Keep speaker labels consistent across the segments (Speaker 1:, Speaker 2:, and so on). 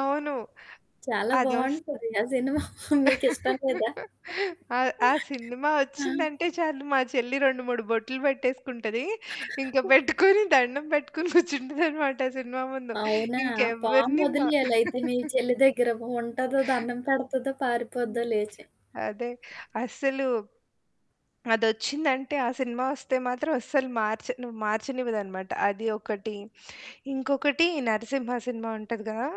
Speaker 1: అవును.
Speaker 2: చాలా
Speaker 1: అదోష్
Speaker 2: బావుంటది. ఆ సినిమా మీకు ఇష్టం లేదా?
Speaker 1: ఆ! ఆ సినిమా
Speaker 2: ఆ!
Speaker 1: ఒచ్చిందంటే చాలు మా చెల్లి 2, 3 బొట్లు పెట్టేసుకుంటది. ఇంక పెట్టుకొని దండం పెట్టుకొని కూర్చుంటదనమాట సినిమా ముందు.
Speaker 2: అవునా!
Speaker 1: ఇంకెవ్వరిని మా
Speaker 2: పామొదిలేయాలి అయితే మీ చెల్లి దగ్గర. ఉంటదో దన్నం పెడతదో, పారిపోద్దో
Speaker 1: హ్మ్.
Speaker 2: లేచి.
Speaker 1: అదే. అస్సలు అదొచ్చిందంటే ఆ సినిమా ఒస్తే మాత్రం అస్సలు మార్చను మార్చనివిదనమాట. అది ఒకటి. ఇంకొకటి 'నరసింహా' సినిమా ఉంటది కదా!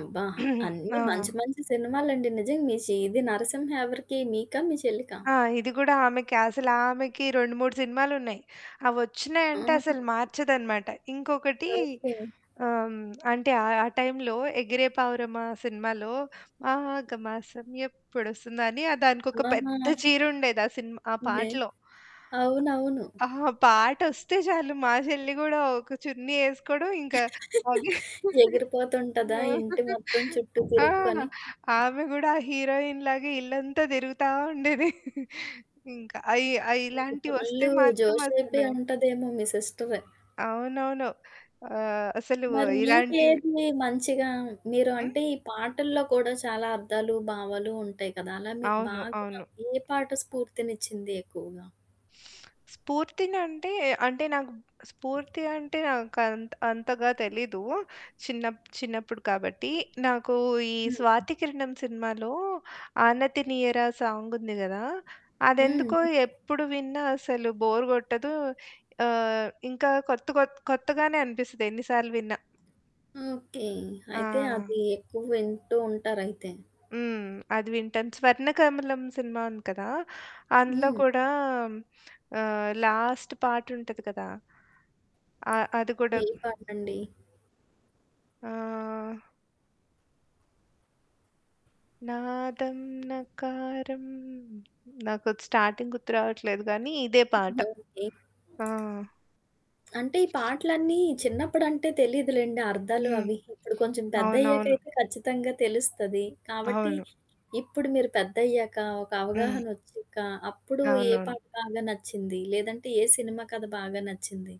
Speaker 2: అబ్బా! అన్నీ మంచి,
Speaker 1: ఆ!
Speaker 2: మంచి సినిమాలండి. నిజంగా మీ చి ఇది 'నరసింహా' ఎవరికి మీకా? మీ చెల్లికా?
Speaker 1: ఆ! ఇది గూడా ఆమెకి అసలామెకి 2, 3 సినిమాలున్నాయి. అవొచ్చినాయింటే అసలు
Speaker 2: ఆహా!
Speaker 1: మార్చదనమాట. ఇంకొకటి
Speaker 2: ఓకే.
Speaker 1: ఆహ్, అంటే ఆహ్, ఆ టైంలో 'పావురమా' సినిమాలో మాగమాసం ఎప్పుడొస్తుందని ఆ దానికొక పెద్ద
Speaker 2: అలానా!
Speaker 1: చీరుండేది ఆ సినిమా ఆ
Speaker 2: లే
Speaker 1: పాటలో.
Speaker 2: అవునవును.
Speaker 1: అ అహా! పాటొస్తే చాలు మా చెల్లి గూడా ఒక చున్నీ ఏసుకోవడం ఇంకా అదే.
Speaker 2: ఎగిరిపోతుంటదా?
Speaker 1: ఆ!
Speaker 2: ఇంటి మొత్తం చుట్టూ
Speaker 1: ఆ!
Speaker 2: తిరుక్కొని.
Speaker 1: ఆమె గూడా హీరోయిన్‌లాగే ఇల్లంతా తిరుగుతా ఉండేది. ఇంకా అయి ఆ! ఇలాంటి ఒస్తే
Speaker 2: ఫుల్లు
Speaker 1: మాత్రం
Speaker 2: జోషేపి
Speaker 1: అసలు
Speaker 2: అంటదేమో మీ సిస్టరు.
Speaker 1: అవునవును. ఆహ్, అసలు
Speaker 2: మరి
Speaker 1: ఇలాంటివి
Speaker 2: మీకేది మంచిగా మీరు
Speaker 1: హ్మ్.
Speaker 2: అంటే ఈ పాటల్లో కూడా చాలా అర్థాలు, భావాలు ఉంటాయి కదా! అలా మీకు
Speaker 1: అవును.
Speaker 2: బాగా
Speaker 1: అవును.
Speaker 2: ఏ పాట స్ఫూర్తినిచ్చింది ఎక్కువగా?
Speaker 1: స్పూర్తినంటే అంటే నాకు స్ఫూర్తి అంటే నాకు అంత అంతగా తెలీదు. చిన్నప్ చిన్నప్పుడు కాబట్టి. నాకు ఈ
Speaker 2: హుహు.
Speaker 1: 'స్వాతికిరణం' సినిమాలో 'ఆనతినీయర' సాంగుంది కదా!
Speaker 2: హ్మ్.
Speaker 1: అదెందుకో
Speaker 2: హ్మ్.
Speaker 1: ఎప్పుడు విన్నా అసలు బోర్ కొట్టదు. ఆహ్, ఇంకా కొత్త కొ కొత్తగానే అనిపిస్తది. ఎన్ని సార్లు విన్నా.
Speaker 2: ఓకే. అయితే
Speaker 1: ఆ!
Speaker 2: అది ఎక్కువ వింటూ ఉంటారైతే.
Speaker 1: హ్మ్. అది వింటాం. 'స్వర్ణకమలం' సినిమా ఉంది కదా! అందులో
Speaker 2: హ్మ్.
Speaker 1: కూడా ఆహ్, లాస్ట్ పాటుంటది కదా! ఆ! అది కూడా
Speaker 2: ఏం పాటండి?
Speaker 1: ఆహ్ నాదంనకారం. నాకు స్టార్టింగ్ గర్తు రావట్లేదు కానీ, ఇదే పాట.
Speaker 2: ఓకే.
Speaker 1: ఆ!
Speaker 2: అంటే ఈ పాటలన్నీ చిన్నప్పుడంటే తెలీదులెండి అర్థాలు
Speaker 1: హ్మ్.
Speaker 2: అవి. ఇప్పుడు కొంచెం
Speaker 1: అవునవును.
Speaker 2: పెద్దయ్యకైతే ఖచ్చితంగా తెలుస్తది. కాబట్టి
Speaker 1: అవును.
Speaker 2: ఇప్పుడు మీరు పెద్దయ్యాక, ఒక
Speaker 1: హ్మ్.
Speaker 2: అవగాహనొచ్చాక, అప్పుడు ఏ
Speaker 1: అవునవును.
Speaker 2: పాట బాగా నచ్చింది? లేదంటే ఏ సినిమా కథ బాగా నచ్చింది?